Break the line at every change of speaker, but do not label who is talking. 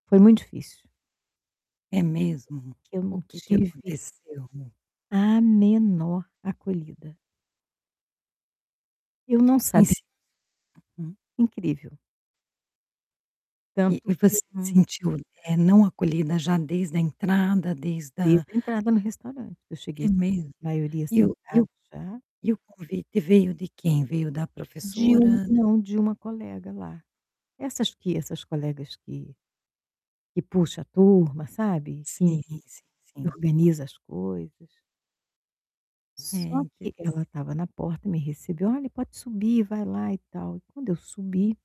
Foi muito difícil.
É mesmo?
Que eu
O
não
que que
tive
aconteceu?
a menor acolhida. Eu não
Em
sabi
si uhum.
Incrível.
E
Tanto
e
que
você
um
sentiu, eh, não acolhida já desde da entrada, desde a
Desde da entrada no restaurante, eu
É
cheguei,
mesmo?
a maioria
E o e o
sentado já.
e o convite veio de quem? Veio da
De um
professora?
não, de uma colega lá. Essas que essas colegas que que puxa a turma, sabe, que
Sim, sim, sim.
organiza as coisas.
É,
Só que
interess
ela estava na porta, me recebeu "Olha, pode subir, vai lá e tal". Quando eu subi